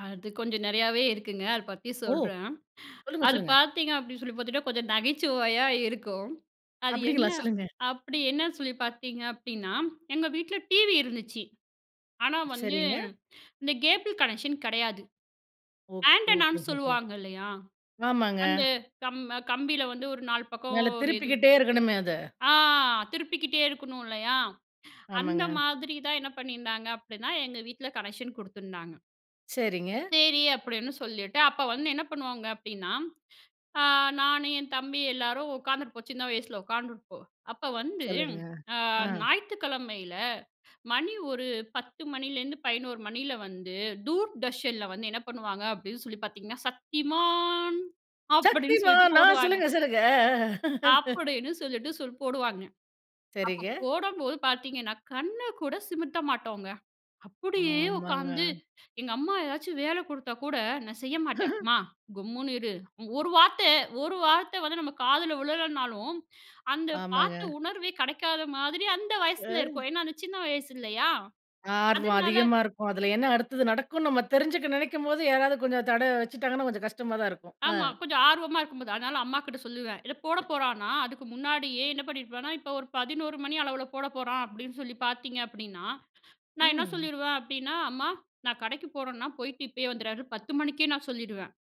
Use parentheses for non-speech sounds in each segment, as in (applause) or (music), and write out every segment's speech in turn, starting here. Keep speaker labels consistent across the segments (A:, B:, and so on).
A: அது கொஞ்சம் நெறையாவே இருக்குங்க. அத பத்தி
B: ஓ!
A: சொல்றேன்.
B: சொல்லுங்க,
A: அது
B: சொல்லுங்க.
A: பார்த்தீங்க அப்டின்னு சொல்லி பார்த்துட்டா கொஞ்சம் நகைச்சுவையா இருக்கும். அது என்ன
B: அப்டிங்களா! சொல்லுங்க.
A: அப்டி என்ன சொல்லி பார்த்தீங்க அப்டின்னா, எங்க வீட்ல டிவி இருந்துச்சி! ஆனா வந்து
B: சரிங்க.
A: இந்த கேபிள் கனெக்க்ஷன் கடையாது.
B: ஓ! ஓ
A: ஆன்டனான்னு
B: ஹோ.
A: சொல்லுவாங்க இல்லையா?
B: ஆமாங்க.
A: அந்த கம் கம்பில வந்து ஒரு 4 பக்கம்
B: மேல
A: ஒரு இது
B: திருப்பிக்கிட்டே இருக்கணுமே அத.
A: ஆ திருப்பிக்கிட்டே இருக்கணும் இல்லையா? அந்த
B: ஆமாங்க.
A: மாதிரி தான் என்ன பண்ணியிருந்தாங்க அப்டின்னா, எங்க வீட்ல கனெக்க்ஷன் குடுத்துருந்தாங்க.
B: சரிங்க.
A: சரி, அப்டின்னு சொல்லிட்டு, அப்ப வந்து என்ன பண்ணுவாங்க அப்டின்னா, ஆ நானு என் தம்பி எல்லாரும் உக்காந்துருப்போம் சின்ன வயசுல உட்கார்ந்துருப்போம். அப்ப வந்து,
B: சொல்லுங்க.
A: அ
B: அ.
A: ஞாயித்துக்கிழமையில மணி 10 மணிலேருந்து 11 மணியில வந்து தூர்தர்ஷன்ல வந்து என்ன பண்ணுவாங்க அப்டின்னு சொல்லி பார்த்தீங்கன்னா, 'சத்திமான்' அப்டின்னு சொல்லிட்டு
B: சக்திமான். நான்
A: போடுவாங்க.
B: சொல்லுங்க, சொல்லுங்க. அ, அ. (chuckles)
A: அப்டின்னு சொல்லிட்டு சொல் போடுவாங்க. அப்ப
B: சரிங்க.
A: போடம்போது பார்த்தீங்கன்னா, கண்ணு கூட சிமத்த மாட்டோங்க! அப்டியே
B: ஆமாங்க.
A: உட்காந்து எங்க அம்மா ஏதாச்சும் வேல குடுத்தா கூட, நான் செய்ய மாட்டேன்.
B: (chuckles)
A: "அம்மா கம்முன்னு இரு ஒரு வார்த்த ஒரு வார்த்த வந்து நம்ம காதுல விழலனாலும், அந்த பார்த்த
B: ஆமாங்க.
A: உணர்வே கிடைக்காத மாதிரி அந்த வயசுல
B: அ.
A: இருக்கும்! ஏன்னா, அந்த சின்ன வயசு இல்லையா?
B: ஆர்வம்
A: அதனால
B: அதிகமா இருக்கும். அதில என்ன அடுத்தது நடக்குனு நம்ம தெரிஞ்சுக்க நெனைக்கும்போது யாராவது கொஞ்சம் தட வச்சுட்டாங்கன்னா, கொஞ்சம் கஷ்டமா தான் இருக்கும். அ.
A: ஆமா. கொஞ்சம் ஆர்வமா இருக்கும்போது, அதனால அம்மாகிட்ட சொல்லுவேன். இத போட போறானா அதுக்கு முன்னாடியே என்ன பண்ணியிருப்பேன்னா, இப்ப ஒரு 11 மணி அளவுல போட போறான் அப்டின்னு சொல்லி பார்த்தீங்க அப்டின்னா, நான் என்ன
B: ம்.
A: சொல்லிருவேன் அப்டின்னா, "அம்மா, நான் கடைக்கு போறேன்னா போயிட்டு இப்பயே வந்துடுறேன்" 10 மணிக்கே நான் சொல்லிருவேன்.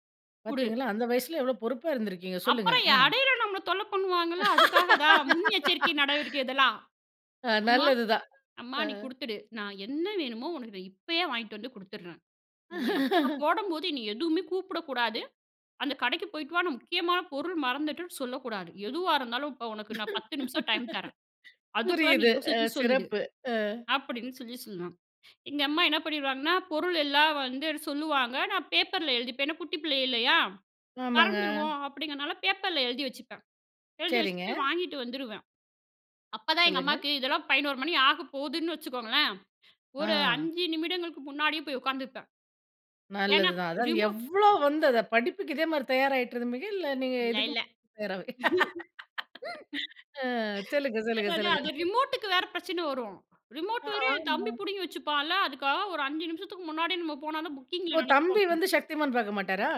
A: "குடு!"
B: பார்த்தீங்களா, அந்த வயசுல எவ்வளோ பொறுப்பா இருந்திருக்கிங்க! சொல்லுங்க.
A: அப்புறம்
B: அ.
A: இடையில நம்மள தொல்ல பண்ணுவாங்கல்ல. அதுக்காக தான் முன்னெச்சரிக்கை நடவடிக்கை இதெல்லாம்.
B: (laughs) அ,
A: "அம்மா,
B: நல்லது தான்.
A: அம்மா
B: அ.
A: நீ குடுத்துடு! நான் என்ன வேணுமோ, உனக்கு நான் இப்பயே வாங்கிட்டு வந்து குடுத்துடுறேன். நீ அப்ப
B: (chuckles)
A: போடம்போது என்னை எதுவுமே கூப்பிடக்கூடாது. அந்த கடைக்கு போயிட்டு வா நான் முக்கியமான பொருள் மறந்துட்டுன்னு சொல்லக்கூடாது! எதுவா இருந்தாலும், இப்ப உனக்கு நான் 10 நிமிஷம் டைம் தரேன்.
B: (laughs)
A: அதுக்குள்ள நீ
B: புரியுது. அ,
A: யோசிச்சு சொல்லிடு"
B: சிறப்பு. அ.
A: அப்டின்னு சொல்லி சொல்வேன். எங்க அம்மா என்ன பண்ணிருவாங்கன்னா, பொருள் எல்லாம் வந்து சொல்லுவாங்க நான் பேப்பர்ல எழுதிப்பேன். ஏனா, குட்டி பிள்ளை இல்லையா?
B: ஆமாங்க.
A: மறந்துருவோம் அப்டிங்கிறதுனால பேப்பர்ல எழுதி வச்சுப்பேன். எழுதி வச்சுட்டு
B: சரிங்க.
A: போய் வாங்கிட்டு வந்துருவேன். அப்பதான் எங்க
B: சொல்லுங்க.
A: அம்மாக்கு இதெல்லாம் 11 மணி ஆகப்போதுன்னு வச்சுக்கோங்களேன். ஒரு
B: ஆ.
A: 5 நிமிடங்களுக்கு முன்னாடி போய் உட்கார்ந்திருப்பேன். ஏனா,
B: நல்லது தான். அதாவது
A: ரிமோ
B: எவ்வளோ வந்து படிப்புக்கு இதே மாரி தயாராயிட்ருந்துபிங்க? இல்ல நீங்க
A: இல்ல,
B: இதுக்கு
A: இல்ல.
B: ம
A: (laughs)
B: தயாரா (laughs) அ, சொல்லுங்க, சொல்லுங்க,
A: அதா அதா
B: சொல்லுங்க.
A: அது ரிமோட்டுக்கு வேற பிரச்சன வரும். ரிமோட் வேற என்
B: ஆமா.
A: தம்பி புடுங்கி வச்சுப்பான்ல, அதுக்காக ஒரு 5 நிமிஷத்துக்கு முன்னாடியே நம்ம போனா தான்
B: ஓ!
A: புக்கிங்கில
B: தம்பி
A: நடக்கு
B: வந்து சக்திமான் பார்க்க மாட்டாரா?